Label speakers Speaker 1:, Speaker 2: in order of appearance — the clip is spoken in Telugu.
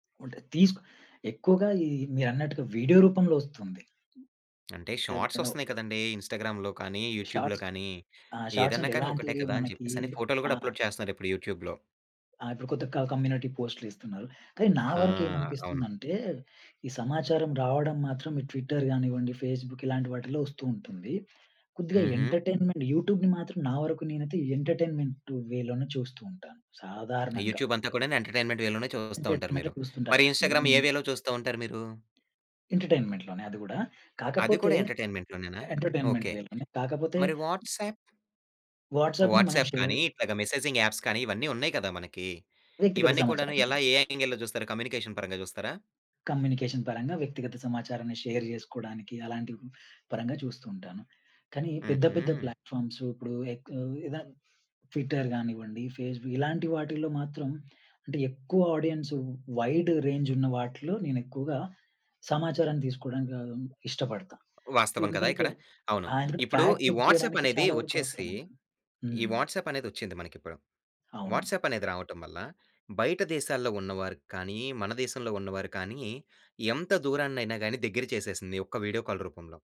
Speaker 1: ఉంటది. తీసుకు ఎక్కువగా ఈ మీరన్నట్టుగా వీడియో రూపంలో వస్తుంది.
Speaker 2: అంటే
Speaker 1: అది
Speaker 2: షార్ట్స్
Speaker 1: ఇనఫ్.
Speaker 2: వస్తున్నాయి కదండీ! ఇన్‌స్టాగ్రామ్‌లో కానీ, యూట్యూబ్‌‌‌‌‌లో
Speaker 1: షార్ట్స్
Speaker 2: కానీ
Speaker 1: ఆ! షార్ట్స్
Speaker 2: ఏదైనా
Speaker 1: అంటే
Speaker 2: కానీ ఒకటే
Speaker 1: ఎలాంటివి,
Speaker 2: కదా! అని
Speaker 1: మనకి
Speaker 2: చెప్పేసని ఫోటోలు
Speaker 1: ఆ!
Speaker 2: గూడా అప్లోడ్ చేస్తున్నారు ఇప్పుడు యూట్యూబ్‌లో.
Speaker 1: ఆ! ఇప్పుడు కొత్త క కమ్యూనిటీ పోస్టులు ఇస్తున్నారు. కానీ నా
Speaker 2: ఆ! అవును.
Speaker 1: వరకేమనిపిస్తుందంటే, ఈ సమాచారం రావడం మాత్రం ఈ ట్విట్టర్ గానివ్వండి, ఫేస్‌బుక్ ఇలాంటి వాటిల్లో వస్తూ ఉంటుంది. కొద్దిగా
Speaker 2: హుహు.
Speaker 1: ఎంటర్‌టైన్‌మెంట్ యూట్యూబ్‌ని మాత్రం నా వరకు నేనైతే ఎంటర్‌టైన్‌మెంట్ వే లోనే చూస్తూ ఉంటాను.
Speaker 2: ఆ
Speaker 1: సాధారణంగా.
Speaker 2: యూట్యూబ్ అంతా కూడాను ఎంటర్‌టైన్‌మెంట్ వే లోనే చూస్తా
Speaker 1: అంటే
Speaker 2: ఉంటారు
Speaker 1: ఇంటర్నెట్‌లో
Speaker 2: మీరు.
Speaker 1: చూస్తుంటారు.
Speaker 2: మరి
Speaker 1: ఇవెన్
Speaker 2: ఇన్‌స్టాగ్రామ్‌ ఏ వేలో చూస్తూంటారు మీరు?
Speaker 1: ఎంటర్‌టైన్‌మెంట్‌ లోనే అది గూడా!
Speaker 2: అది
Speaker 1: కాకపోతే
Speaker 2: కూడా ఎంటర్‌టైన్‌మెంట్‌ లోనేనా!
Speaker 1: Entertainment
Speaker 2: okay.
Speaker 1: వే లోనే కాకపోతే
Speaker 2: మరి వాట్సాప్?
Speaker 1: వాట్సాప్‌ని మనం
Speaker 2: వాట్సాప్
Speaker 1: షేర్
Speaker 2: కానీ, ఇట్లాగ మెసేజింగ్ యాప్స్ కానీ ఇవన్నీ ఉన్నాయి కదా! మనకి.
Speaker 1: వ్యక్తిగత
Speaker 2: ఇవన్ని కూడాను
Speaker 1: సమాచారాన్ని.
Speaker 2: ఎలా ఏ యాంగిల్‌లో చూస్తారు కమ్యూనికేషన్ పరంగా జూస్తారా?
Speaker 1: కమ్యూనికేషన్ పరంగా వ్యక్తిగత సమాచారాన్ని షేర్ జేసుకోవడానికి, అలాంటి పరంగా చూస్తూ ఉంటాను. కానీ పెద్ద పెద్ద
Speaker 2: హుహు.
Speaker 1: ప్లాట్‌ఫార్మ్స్ ఇప్పుడు ఎక్ ఎదా ట్విట్టర్ కానివ్వండి ఫేస్‌బుక్ ఇలాంటి వాటిల్లో మాత్రం అంటే, ఎక్కువ ఆడియన్స్ వైడ్ రేంజ్ ఉన్న వాటిలో నేనెక్కువగా సమాచారాన్ని తీసుకోవడానికి ఆహ్, ఇష్టపడతాను.
Speaker 2: వాస్తవం కదా!
Speaker 1: ఎందుకంటే
Speaker 2: ఇక్కడ. అవును.
Speaker 1: ఆ! ఎందుకంటే
Speaker 2: ఇప్పుడు
Speaker 1: ఫాక్ట్
Speaker 2: ఈ
Speaker 1: చెక్
Speaker 2: వాట్సాప్
Speaker 1: చేయడానికి
Speaker 2: అనేది
Speaker 1: చాలా వరకు
Speaker 2: వచ్చేసి,
Speaker 1: అవసరముంది.
Speaker 2: ఈ
Speaker 1: హ్మ్.
Speaker 2: వాట్సాప్ అనేదొచ్చింది మనకి ఇప్పుడు.
Speaker 1: అవును.
Speaker 2: వాట్సాప్ అనేది రావటం వల్ల, బయట దేశాల్లో ఉన్న వారికి కానీ, మన దేశంలో ఉన్న వారు కానీ, ఎంత దూరాన్నయినా గాని దగ్గర చేసేసింది ఒక్క వీడియో కాల్ రూపంలో.